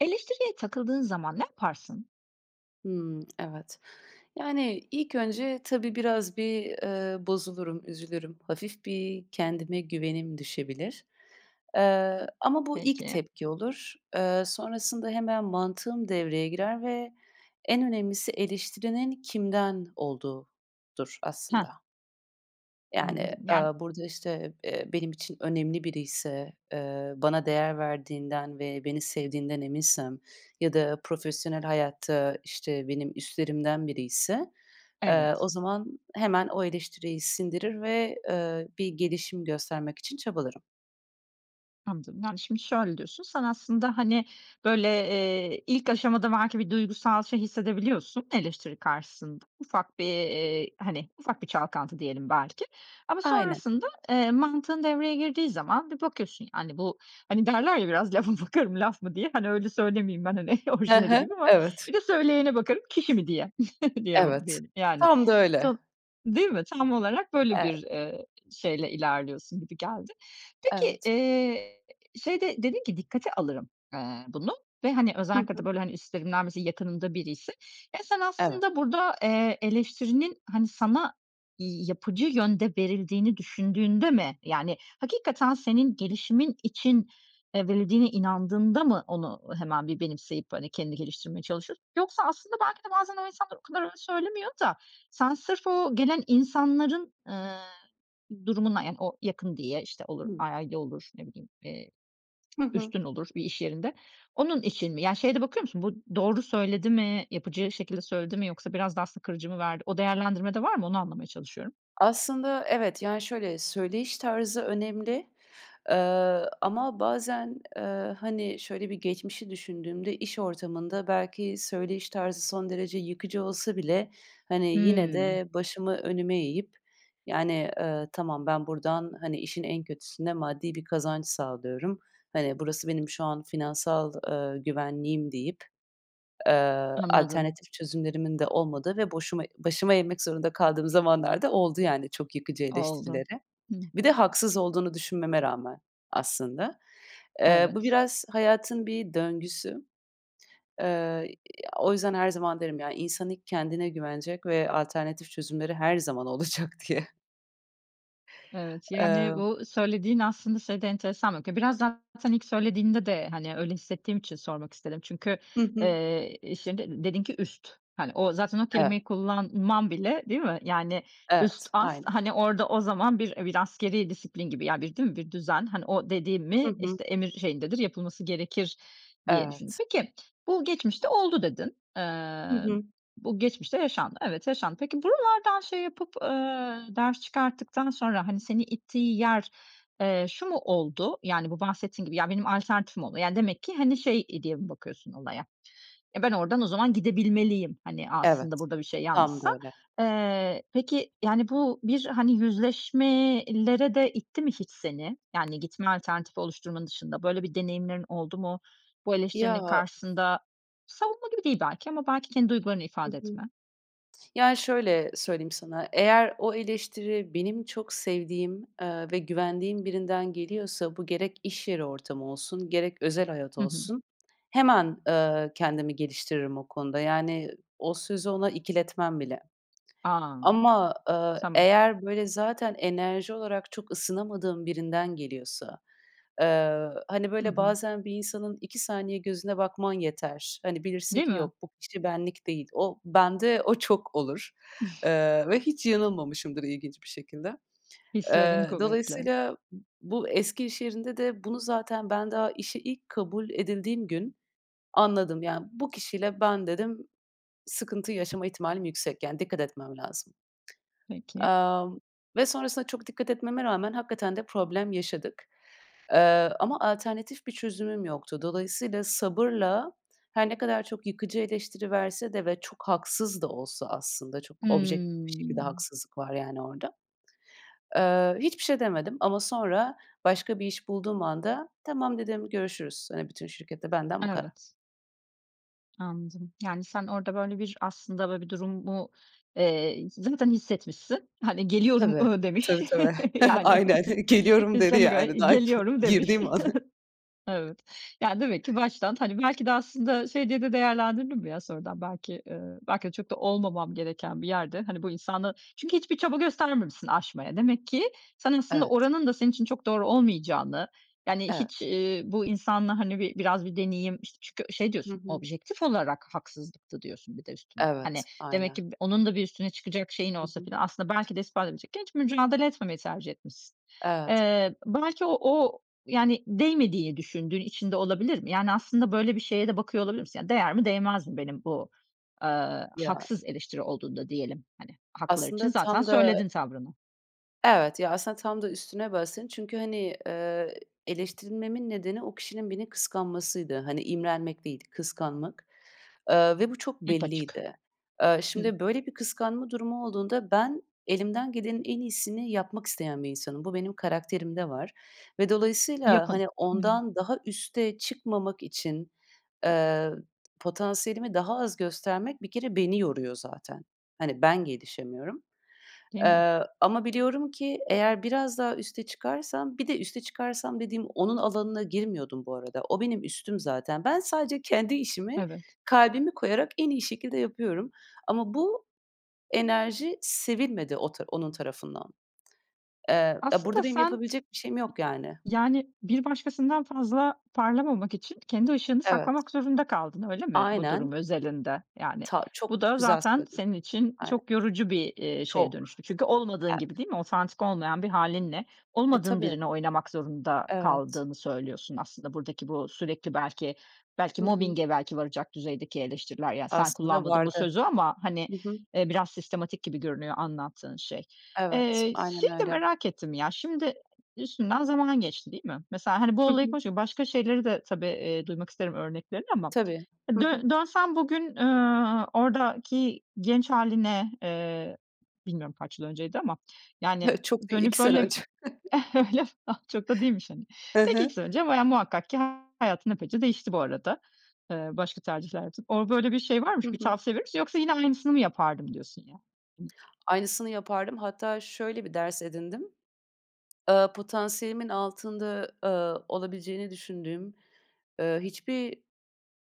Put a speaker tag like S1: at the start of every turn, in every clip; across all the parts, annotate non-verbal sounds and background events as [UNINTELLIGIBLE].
S1: Eleştiriye takıldığın zaman ne yaparsın?
S2: Hımm, evet. Yani, ilk önce, tabii, biraz bir, eee, bozulurum, üzülürüm. Hafif bir kendime güvenim düşebilir. Eee, ama bu ilk
S1: Peki.
S2: tepki olur. Eee, sonrasında hemen mantığım devreye girer ve en önemlisi eleştirinin kimden olduğudur,
S1: Hah.
S2: aslında. Yani,
S1: Anladım. Yani
S2: ııı, burada, işte, eee, benim için önemli biriyse, eee, bana değer verdiğinden ve beni sevdiğinden eminsem ya da profesyonel hayatta, işte, benim üstlerimden biriyse, eee,
S1: Evet.
S2: o zaman hemen o eleştiriyi sindirir ve, eee, bir gelişim göstermek için çabalarım.
S1: Anladım. Yani, şimdi şöyle diyorsun, sen aslında, hani, böyle, eee, ilk aşamada belki bir duygusal şey hissedebiliyorsun, eleştiri karşısında. Ufak bir, eee, hani, ufak bir çalkantı, diyelim belki. Ama
S2: Aynen.
S1: sonrasında, eee, mantığın devreye girdiği zaman bir bakıyorsun, yani, bu, hani derler ya, "Biraz lafa bakarım laf mı diye," hani, öyle söylemeyeyim ben, hani,
S2: Hı
S1: orijinali
S2: hı.
S1: gibi ama
S2: Evet.
S1: "Bir de söyleyene bakarım kişi mi diye," [CHUCKLES] diye b
S2: Evet.
S1: diyelim, yani.
S2: Tam da öyle.
S1: [UNINTELLIGIBLE] Değil mi? Tam olarak böyle
S2: Evet.
S1: bir, eee, şeyle ilerliyorsun gibi geldi. Peki,
S2: Evet.
S1: eee, şeyde dedin ki, "Dikkate alırım, aaa, bunu," ve hani,
S2: Hı
S1: özellikle de
S2: hı.
S1: böyle, hani, üstlerimden, mesela, yakınımda biriyse. Ya, sen
S2: Evet.
S1: aslında burada, eee, eleştirinin, hani, sana yapıcı yönde verildiğini düşündüğünde mi, yani, hakikaten senin gelişimin için, eee, verildiğine inandığında mı onu hemen bir benimseyip hani, kendini geliştirmeye çalışıyorsun? Yoksa aslında, belki de bazen o insanlar o kadar öyle söylemiyor da sen sırf o gelen insanların, ııı, durumuna, yani, o yakın diye işte olur, a
S2: Hıı.
S1: aile olur, ne bileyim, eee,
S2: Hı hı.
S1: üstün olur bir iş yerinde, onun için mi? Ya, şeye de bakıyor musun, "Bu doğru söyledi mi, yapıcı şekilde söyledi mi yoksa biraz da aslında kırıcı mı verdi?" O değerlendirmede var mı, onu anlamaya çalışıyorum.
S2: Aslında, evet. Yani, şöyle, söyleyiş tarzı önemli, ııı, ama bazen, eee, hani, şöyle bir geçmişi düşündüğümde iş ortamında belki söyleyiş tarzı son derece yıkıcı olsa bile hani, yine
S1: Hıı.
S2: de başımı önüme eğip, yani, ııı, "Tamam, ben buradan, hani, işin en kötüsü ne? Maddi bir kazanç sağlıyorum. Hani, burası benim şu an finansal, eee, güvenliğim," deyip, eee,
S1: Anladım.
S2: alternatif çözümlerimin de olmadığı ve boşuma başımı eğmek zorunda kaldığım zamanlar da oldu, yani, çok yıkıcı
S1: Oldu.
S2: eleştirilere.
S1: Hı
S2: Bir de haksız olduğunu düşünmeme rağmen, aslında. Eee, bu
S1: Evet.
S2: biraz hayatın bir döngüsü. Eee, o yüzden her zaman derim, yani, "İnsan ilk kendine güvenecek ve alternatif çözümleri her zaman olacak," diye.
S1: Evet, yani,
S2: Emm
S1: bu söylediğin aslında size de enteresan. [UNINTELLIGIBLE] Biraz zaten ilk söylediğinde de, hani, öyle hissettiğim için sormak istedim. Çünkü,
S2: Hı hı.
S1: eee, iş yerinde dedin ki "üst," hani, o zaten o
S2: Evet.
S1: kelimeyi kullanman bile, değil mi? Yani üst,
S2: Evet.
S1: ast,
S2: Aynen.
S1: hani, orada o zaman bir, e, bir askerî disiplin gibi, ya, bir, değil mi? Bir düzen, hani, o, dedi
S2: Hı
S1: mi,
S2: hı.
S1: işte, emir şeyindedir, yapılması gerekir diye düşündün.
S2: Evet.
S1: Peki, "Bu geçmişte oldu." dedin.
S2: Hı
S1: Eee,
S2: hı.
S1: bu geçmişte yaşandı. Evet, yaşandı. Peki, buralardan şey yapıp, eee, ders çıkarttıktan sonra, hani, seni ittiği yer, eee, şu mu oldu? Yani, bu bahsettiğin gibi, "Ya, benim alternatifim oldu." yani, demek ki, hani, şey diye mi bakıyorsun olaya? "Ya, ben oradan o zaman gidebilmeliyim." hani,
S2: Evet.
S1: aslında burada bir şey
S2: Tam
S1: yanlışsa.
S2: da öyle.
S1: Eee, peki, yani, bu bir, hani, yüzleşmeye lere de itti mi hiç seni? Yani, gitme alternatifi oluşturmanın dışında böyle bir deneyimlerin oldu mu bu
S2: Ya
S1: eleştirinin karşısında? Savunma gibi değil belki ama belki kendi duygularını
S2: Hı
S1: ifade
S2: hı.
S1: etme.
S2: Ya, şöyle söyleyeyim sana, eğer o eleştiri benim çok sevdiğim, eee, ve güvendiğim birinden geliyorsa bu gerek iş yeri ortamı olsun gerek özel hayat
S1: Hı hı.
S2: olsun hemen, eee, kendimi geliştiririm o konuda, yani, o sözü ona ikiletmem bile.
S1: A!
S2: Ama, eee,
S1: Tamam.
S2: eğer, böyle, zaten enerji olarak çok ısınamadığım birinden geliyorsa, eee, hani,
S1: Hı
S2: böyle,
S1: hı.
S2: bazen bir insanın 2 saniye gözüne bakman yeter. Hani, bilirsin
S1: Değil
S2: ki:
S1: mi?
S2: "Yok, bu kişi benlik değil." O bende o çok olur.
S1: [CHUCKLES]
S2: Eee, ve hiç yanılmamışımdır ilginç bir şekilde.
S1: Hislerin
S2: Eee,
S1: kuvvetli.
S2: dolayısıyla, bu eski iş yerinde de bunu zaten ben daha işe ilk kabul edildiğim gün anladım. Yani, "Bu kişiyle ben" dedim, "sıkıntı yaşama ihtimalim yüksek, yani, dikkat etmem lazım."
S1: Peki.
S2: Amm, ve sonrasında çok dikkat etmeme rağmen hakikaten de problem yaşadık. Eee, ama alternatif bir çözümüm yoktu. Dolayısıyla sabırla her ne kadar çok yıkıcı eleştiri verse de ve çok haksız da olsa aslında, çok objektif bir şekilde
S1: Hımm.
S2: haksızlık var yani orada. Eee, hiçbir şey demedim ama sonra başka bir iş bulduğum anda, "Tamam," dedim, "görüşürüz." Hani, bütün şirkete, "Benden bu kadar."
S1: Evet. Anladım. Yani, sen orada, böyle, bir aslında, böyle, bir durumu, eee, zaten hissetmişsin. Hani, "Geliyorum."
S2: Tabii.
S1: ııı, demiş,
S2: Tabii, tabii.
S1: [CHUCKLES]
S2: [CHUCKLES]
S1: yani.
S2: Aynen,
S1: [CHUCKLES]
S2: geliyorum dedi,
S1: "Üstlerine gö
S2: yani, daha [CHUCKLES]
S1: geliyorum." demiş.
S2: girdiğim an.
S1: [CHUCKLES] Evet. Yani, demek ki baştan, hani, belki de aslında şey diye de değerlendirdin mi ya sonradan belki, ııı, belki de çok da olmamam gereken bir yerde, hani, bu insanla Çünkü hiçbir çaba göstermemişsin aşmaya. Demek ki sen aslında
S2: Evet.
S1: oranın da senin için çok doğru olmayacağını, yani,
S2: Evet.
S1: hiç, iii, bu insanla, hani, bir biraz bir deneyim, işte, çünkü şey
S2: Hı
S1: diyorsun,
S2: hı.
S1: "Objektif olarak haksızlıktı." diyorsun, bir de üstüne. Hani,
S2: Evet,
S1: demek ki
S2: aynen.
S1: bu onun da bir üstüne çıkacak şeyin
S2: Hı
S1: olsa
S2: hı.
S1: falan aslında belki de ispat edecekken, hiç mücadele etmemeyi tercih etmişsin.
S2: Evet.
S1: Eee, belki o o, yani, değmediğini düşündüğün için de olabilir mi? Yani, aslında böyle bir şeye de bakıyor olabilir misin? Değer mi değmez mi benim bu, eee,
S2: Ya
S1: haksız eleştiri olduğunda diyelim, hani, haklılar için
S2: Aslında
S1: zaten
S2: tam da
S1: söyledin tavrını.
S2: Evet. Ya, aslında tam da üstüne bastın çünkü, hani, eee, eleştirilmemin nedeni o kişinin beni kıskanmasıydı. Hani, imrenmek değil, kıskanmak. Eee, ve bu çok
S1: Hep açık.
S2: belliydi. Eee,
S1: Hıı.
S2: şimdi böyle bir kıskanma durumu olduğunda ben, elimden gelenin en iyisini yapmak isteyen bir insanım. Bu, benim karakterimde var ve dolayısıyla,
S1: Yapın.
S2: hani,
S1: Hıı.
S2: ondan daha üste çıkmamak için, eee, potansiyelimi daha az göstermek bir kere beni yoruyor zaten. Hani, ben gelişemiyorum.
S1: Değil mi?
S2: Eee, ama biliyorum ki eğer biraz daha üste çıkarsam bir de üste çıkarsam dediğim onun alanına girmiyordum bu arada. O, benim üstüm zaten. Ben, sadece kendi işimi
S1: Evet.
S2: kalbimi koyarak en iyi şekilde yapıyorum. Ama bu enerji sevilmedi o ta onun tarafından. Eee, eee,
S1: Aslında
S2: burada benim
S1: sen
S2: yapabilecek bir şeyim yok, yani.
S1: Yani, bir başkasından fazla parlamamak için kendi ışığını
S2: Evet.
S1: saklamak zorunda kaldın, öyle mi bu durum
S2: Aynen.
S1: özelinde, yani?
S2: Ta
S1: Bu
S2: çok
S1: da
S2: güzel
S1: zaten
S2: söyledin.
S1: senin için
S2: Aynen.
S1: çok yorucu bir, iii, şeye
S2: Çok.
S1: dönüştü. Çünkü olmadığın
S2: Evet.
S1: gibi, değil mi? Otantik olmayan bir hâlinle
S2: E,
S1: olmadığın
S2: tabii.
S1: birini oynamak zorunda
S2: Evet.
S1: kaldığını söylüyorsun aslında buradaki bu sürekli belki belki
S2: Hı hı.
S1: mobbing'e belki varacak düzeydeki eleştiriler, yani, sen
S2: Aslında
S1: kullanmadın bu
S2: vardı.
S1: sözü ama, hani,
S2: Hı hı.
S1: eee, biraz sistematik gibi görünüyor anlattığın şey.
S2: Evet,
S1: Eee,
S2: aynen
S1: şeyi de
S2: öyle.
S1: merak ettim ya, şimdi üstünden zaman geçti, değil mi? Mesela, hani, bu
S2: Hı
S1: olayı
S2: hı.
S1: konuş başka şeyleri de tabii, eee, duymak isterim örneklerini ama
S2: Tabii. Hı hı.
S1: dön dönsem bugün, eee, oradaki genç hâline, eee, bilmiyorum kaç yıl önceydi ama, yani,
S2: [CHUCKLES] Çok değil,
S1: dönüp
S2: 2 sene
S1: böyle
S2: önce. [CHUCKLES]
S1: [CHUCKLES] öyle mi? Ah, çok da değilmiş, hani.
S2: Hı
S1: Peki, 2
S2: hı.
S1: sene önce bayağı, muhakkak ki hayatın epeyce değişti bu arada, eee, başka tercihler yaptın. Orada böyle bir şey var mı,
S2: Hı
S1: bir
S2: hı.
S1: tavsiye verir misin yoksa yine aynısını mı yapardım diyorsun ya?
S2: Aynısını yapardım, hatta şöyle bir ders edindim, ııı, potansiyelimin altında, eee, olabileceğini düşündüğüm, eee, hiçbir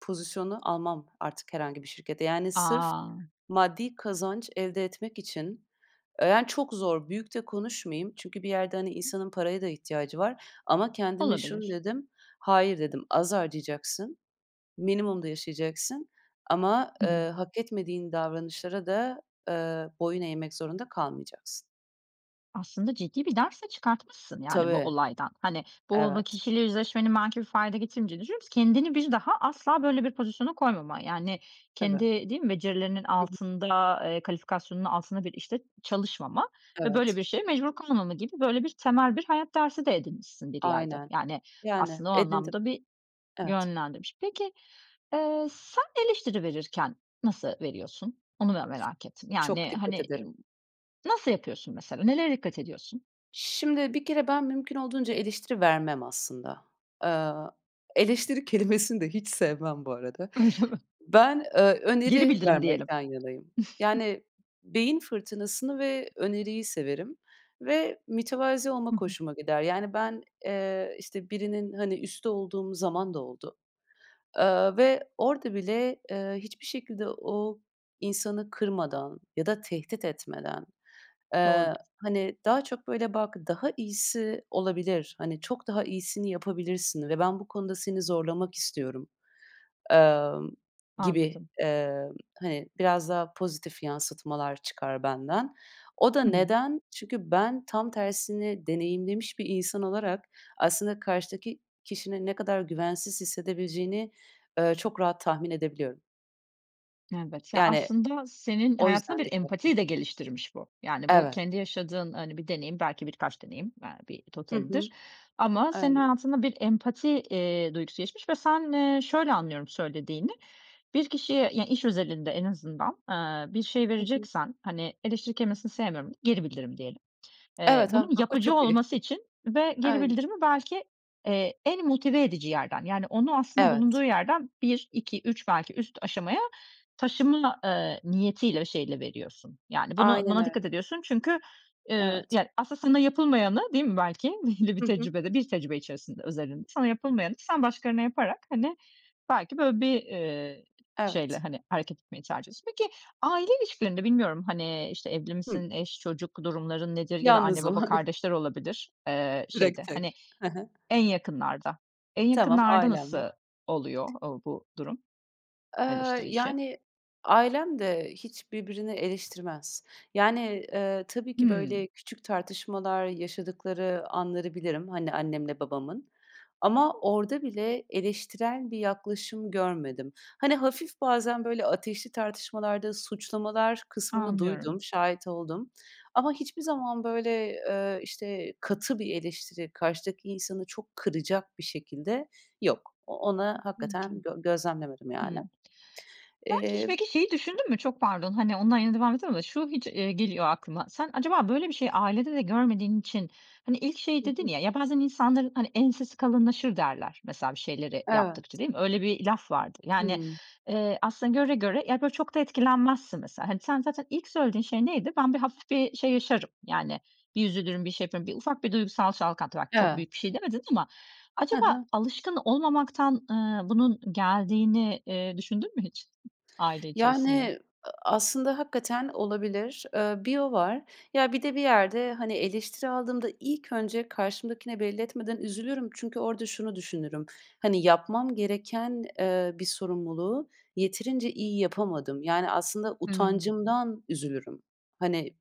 S2: pozisyonu almam artık herhangi bir şirkette. Yani, sırf
S1: A!
S2: maddi kazanç elde etmek için, eee, yani, çok zor büyük de konuşmayayım. Çünkü bir yerde, hani, insanın paraya da ihtiyacı var. Ama kendime şunu
S1: Olabilir.
S2: dedim, "Hayır." dedim, "Az harcayacaksın, minimumda yaşayacaksın ama,
S1: Hı hı.
S2: eee, hak etmediğin davranışlara da, eee, boyun eğmek zorunda kalmayacaksın."
S1: Aslında ciddi bir ders de çıkartmışsın, yani, bu
S2: Tabii.
S1: olaydan. Hani, bu o
S2: Evet.
S1: kişiyle yüzleşmenin belki bir fayda getirmeyeceğini düşünmüyorsun ki kendini bir daha asla böyle bir pozisyona koymama, yani,
S2: Tabii.
S1: kendi, değil mi, becerilerinin
S2: Hı hı.
S1: altında, eee, kalifikasyonun altında bir işte çalışmama ve böyle
S2: Evet.
S1: bir şeye mecbur kalmama gibi, böyle bir, temel bir hayat dersi de edinmişsin bir yerde.
S2: Aynen.
S1: Yani,
S2: Yani,
S1: aslında o
S2: edindim.
S1: anlamda bir
S2: Evet.
S1: yönlendirmiş. Peki, eee, sen eleştiri verirken nasıl veriyorsun? Onu ben merak ettim.
S2: Çok
S1: Yani,
S2: dikkat
S1: hani, ııı,
S2: ederim.
S1: nasıl yapıyorsun mesela, nelere dikkat ediyorsun?
S2: Şimdi, bir kere ben mümkün olduğunca eleştiri vermem aslında. Eee, eleştiri kelimesini de hiç sevmem bu arada.
S1: Öyle mi?
S2: Ben, eee,
S1: Geri
S2: öneri
S1: bildirim diyelim.
S2: vermekten yanayım.
S1: [CHUCKLES]
S2: Yani, beyin fırtınasını ve öneriyi severim ve mütevazı
S1: Hı
S2: olmak
S1: hı.
S2: hoşuma gider. Yani, ben, eee, işte, birinin, hani, üstü olduğum zaman da oldu. Aaa, ve orada bile, eee, hiçbir şekilde o insanı kırmadan ya da tehdit etmeden,
S1: Doğru.
S2: eee, hani, daha çok, böyle, "Bak, daha iyisi olabilir, hani, çok daha iyisini yapabilirsin ve ben bu konuda seni zorlamak istiyorum." emm, gibi,
S1: Anladım.
S2: emm, hani, biraz daha pozitif yansıtmalar çıkar benden. O da
S1: Hı hı.
S2: neden? Çünkü ben, tam tersini deneyimlemiş bir insan olarak aslında karşıdaki kişinin ne kadar güvensiz hissedebileceğini, eee, çok rahat tahmin edebiliyorum.
S1: Evet. Ya,
S2: Yani,
S1: aslında senin
S2: o
S1: hayatında
S2: yüzden
S1: bir
S2: dikkatli
S1: empatiyi de geliştirmiş bu. Yani, bu
S2: Evet.
S1: kendi yaşadığın, hani, bir deneyim, belki birkaç deneyim, eee, bir
S2: Hı hı.
S1: totalidir ama senin
S2: Aynen.
S1: hayatında bir empati, eee, duygusu gelişmiş ve sen, eee, şöyle anlıyorum söylediğini; bir kişiye, ya, iş özelinde en azından, aaa, bir şey
S2: Hı hı.
S1: vereceksen hani, eleştiri kelimesini sevmiyorum geri bildirim diyelim. Eee,
S2: Evet. Tam
S1: bunun
S2: bak, o
S1: yapıcı
S2: çok iyi.
S1: olması için ve geri
S2: Aynen.
S1: bildirimi belki, eee, en motive edici yerden, yani, onu aslında bulunduğu
S2: Evet.
S1: yerden 1-2-3 belki üst aşamaya taşıma, eee, niyetiyle, o şeyiyle veriyorsun. Yani, bunu
S2: Aynen
S1: buna dikkat
S2: öyle.
S1: ediyorsun çünkü, eee,
S2: Evet.
S1: yani, aslında sana yapılmayanı, değil mi belki belli bir
S2: Hı hı.
S1: tecrübede, bir tecrübe içerisinde, özelinde sana yapılmayanı sen başkalarına yaparak, hani, belki böyle bir, eee, şeyle,
S2: Evet.
S1: hani, hareket etmeyi tercih ediyorsun. Peki, aile ilişkilerinde; bilmiyorum, hani, işte, evli
S2: Hı.
S1: misin, eş, çocuk durumların nedir? Ya da anne,
S2: Yalnızım.
S1: baba,
S2: [CHUCKLES]
S1: kardeşler olabilir, eee,
S2: Direkt
S1: şeyde,
S2: tek.
S1: hani,
S2: Hı hı.
S1: en yakınlarda. En
S2: Tamam,
S1: yakınlarda
S2: ailem
S1: nasıl
S2: var.
S1: oluyor o bu durum,
S2: Eee,
S1: eleştiri işi?
S2: yani, ailem de hiç birbirini eleştirmez. Yani, eee, tabii ki
S1: Hımm.
S2: böyle küçük tartışmalar yaşadıkları anları bilirim. Hani, annemle babamın. Ama orada bile eleştirel bir yaklaşım görmedim. Hani, hafif bazen böyle ateşli tartışmalarda suçlamalar kısmını
S1: Anlıyorum.
S2: duydum, şahit oldum. Ama hiçbir zaman, böyle, eee, işte, katı bir eleştiri, karşıdaki insanı çok kıracak bir şekilde yok. O ona
S1: Peki.
S2: hakikaten gö gözlemlemedim, yani.
S1: Hıı. Belki hiç
S2: Eee
S1: peki, şeyi düşündün mü? Çok pardon, hani, [UNINTELLIGIBLE] şu hiç eee, geliyor aklıma. Sen acaba böyle bir şeyi ailede de görmediğin için, hani, ilk şey
S2: Hı
S1: dedin
S2: hı.
S1: ya, "Ya, bazen insanların, hani, ensesi kalınlaşır derler. Mesela bir şeyleri yaptıkça."
S2: Evet.
S1: değil mi? Öyle bir laf vardır. Yani,
S2: Hımm.
S1: eee, aslında göre göre, yani, böyle çok da etkilenmezsin mesela. Sen zaten ilk söylediğin şey neydi? "Ben, bir hafif bir şey yaşarım, yani, bir üzülürüm, bir şey yaparım." Bir ufak bir duygusal çalkantı. Bak, çok büyük bir
S2: Evet.
S1: şey demedin ama
S2: Hı
S1: acaba
S2: hı.
S1: alışkın olmamaktan, ııı, bunun geldiğini, eee, düşündün mü hiç aile içerisinde?
S2: Yani, aslında hakikaten olabilir. Eee, bir o var. Ya, bir de bir yerde, hani, eleştiri aldığımda ilk önce karşımdakine belli etmeden üzülürüm. Çünkü orada şunu düşünürüm, hani, yapmam gereken, eee, bir sorumluluğu yeterince iyi yapamadım. Yani, aslında
S1: Hımm.
S2: utancımdan üzülürüm. Hani,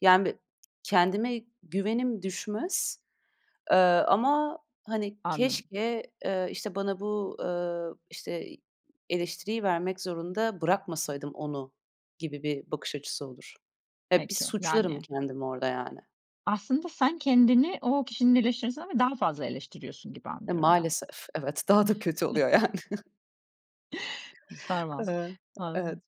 S2: yani, b kendime güvenim düşmez, eee, ama, hani,
S1: Anladım.
S2: keşke, eee, işte, bana bu, eee, işte, eleştiriyi vermek zorunda bırakmasaydım onu gibi bir bakış açısı olur. Ya, bir
S1: Peki.
S2: suçlarım
S1: Yani.
S2: kendimi orada, yani.
S1: Aslında sen kendini o kişinin eleştirisinden bile daha fazla eleştiriyorsun gibi
S2: Ya,
S1: anlıyorum ben.
S2: maalesef, evet. Daha da kötü oluyor
S1: [CHUCKLES]
S2: yani. [CHUCKLES]
S1: [UNINTELLIGIBLE] Tamam.
S2: Eee, evet.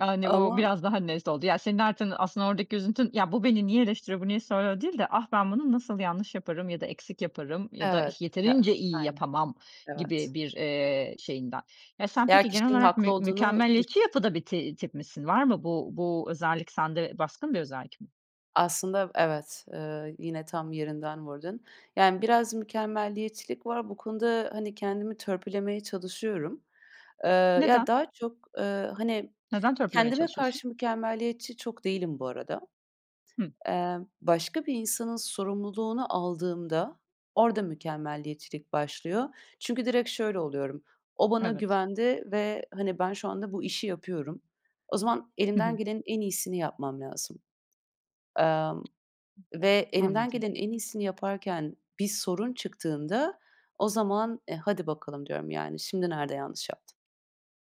S1: Yani, bu
S2: Ama
S1: biraz daha net oldu. Ya, senin artın, aslında, oradaki üzüntün, "Ya, bu beni niye eleştiriyor, bu niye soruyor?" değil de "Ah, ben bunu nasıl yanlış yaparım ya da eksik yaparım ya da
S2: Evet.
S1: ih
S2: Ya,
S1: yeterince iyi
S2: aynen.
S1: yapamam,"
S2: Evet.
S1: gibi bir, eee, şeyinden. Ya, sen,
S2: Ya,
S1: peki, genel
S2: kişinin
S1: olarak
S2: haklı
S1: mü
S2: olduğunu
S1: mükemmeliyetçi
S2: düşün
S1: yapıda bir ti tip misin? Var mı bu bu özellik sende, baskın bir özellik mi?
S2: Aslında, v evet. Eee, yine tam yerinden vurdun. Yani, biraz mükemmeliyetçilik var. Bu konuda, hani, kendimi törpülemeye çalışıyorum. Eee, ya,
S1: Neden?
S2: daha çok, eee, hani,
S1: Neden törpülemeye
S2: kendime
S1: çalışıyorsun?
S2: karşı mükemmeliyetçi çok değilim bu arada.
S1: Hıı.
S2: Emm, başka bir insanın sorumluluğunu aldığımda, orada mükemmeliyetçilik başlıyor. Çünkü direkt şöyle oluyorum, "O bana
S1: Evet.
S2: güvendi ve hani, ben şu anda bu işi yapıyorum, o zaman
S1: Hı
S2: elimden
S1: hı.
S2: gelenin en iyisini yapmam lazım." Emm, ve elimden
S1: Anladım.
S2: gelenin en iyisini yaparken bir sorun çıktığında o zaman, "E, hadi bakalım," diyorum, yani, "Şimdi nerede yanlış yaptım?"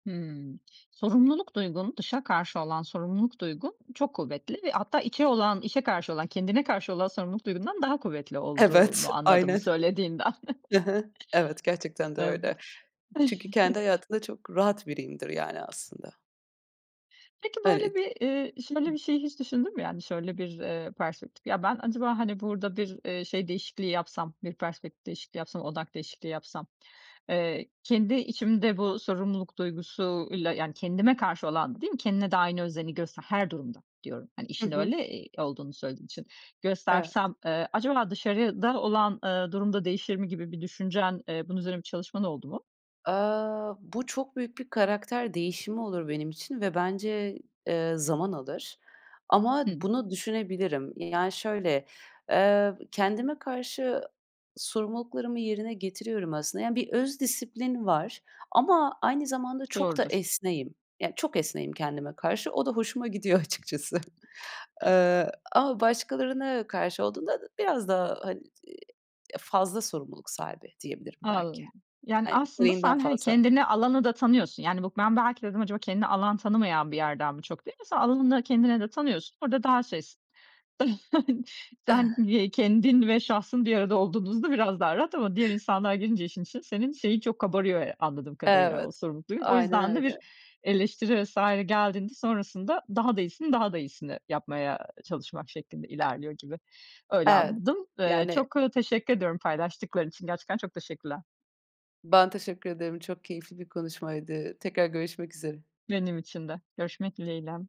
S1: Hımm. Sorumluluk duygun, dışa karşı olan sorumluluk duygun çok kuvvetli ve hatta içe olan, içe karşı olan, kendine karşı olan sorumluluk duygundan daha kuvvetli
S2: Evet.
S1: olduğunu anladım bu
S2: Aynen.
S1: söylediğinden.
S2: Hı hı. Evet,
S1: [CHUCKLES]
S2: gerçekten de
S1: Evet.
S2: öyle. Çünkü kendi
S1: [CHUCKLES]
S2: hayatımda çok rahat biriyimdir, yani, aslında.
S1: Peki, böyle
S2: Evet,
S1: bir, eee,
S2: hı.
S1: şöyle bir şeyi hiç düşündün mü, yani, şöyle bir, eee, perspektif; "Ya, ben acaba, hani, burada bir, eee, şey değişikliği yapsam, bir perspektif değişikliği yapsam, odak değişikliği yapsam, eee, kendi içimde bu sorumluluk duygusuyla, yani, kendime karşı olan" Değil mi, kendine de aynı özeni göster her durumda diyorum. Hani,
S2: Hı
S1: işin
S2: hı.
S1: öyle, eee, olduğunu söylediğin için.
S2: Evet.
S1: "Göstersem, eee, acaba dışarıda olan, ııı, durum da değişir mi?" gibi bir düşüncen, eee, bunun üzerine bir çalışman oldu mu?
S2: Eee, bu çok büyük bir karakter değişimi olur benim için ve bence, eee, zaman alır. Ama
S1: Hı.
S2: bunu düşünebilirim. Yani, şöyle, eee, kendime karşı sorumluluklarımı yerine getiriyorum aslında. Yani, bir öz disiplin var ama aynı zamanda çok da
S1: Doğrudur.
S2: esneğim. Yani, çok esneğim kendime karşı. O da hoşuma gidiyor, açıkçası.
S1: Hı.
S2: Eee, ama başkalarına karşı olduğunda biraz daha, hani, eee, ya, fazla sorumluluk sahibi, diyebilirim belki.
S1: Anladım. Yani,
S2: Hani,
S1: aslında
S2: gereğinden
S1: sen, hani,
S2: fazla.
S1: kendine alanı da tanıyorsun. Yani, buk ben, belki dedim acaba kendine alan tanımayan bir yerden mi çok deyince sen, alanını kendine de tanıyorsun. Orada daha şeysin. [CHUCKLES] Sen,
S2: [CHUCKLES]
S1: ye kendin ve şahsın bir arada olduğunuzda biraz daha rahat ama diğer insanlar girince işin içine senin şeyin çok kabarıyor ya anladığım kadarıyla,
S2: Evet,
S1: o sorumluluk duygun. O
S2: aynen
S1: yüzden de
S2: öyle.
S1: bir eleştiri vs. geldiğinde sonrasında daha da iyisini, daha da iyisini yapmaya çalışmak şeklinde ilerliyor gibi. Öyle
S2: Evet.
S1: anladım. Eee,
S2: Yani
S1: çok teşekkür ediyorum paylaştıkların için, gerçekten çok teşekkürler.
S2: Ben, teşekkür ederim. Çok keyifli bir konuşmaydı. Tekrar görüşmek üzere.
S1: Benim için de. Görüşmek dileğiyle.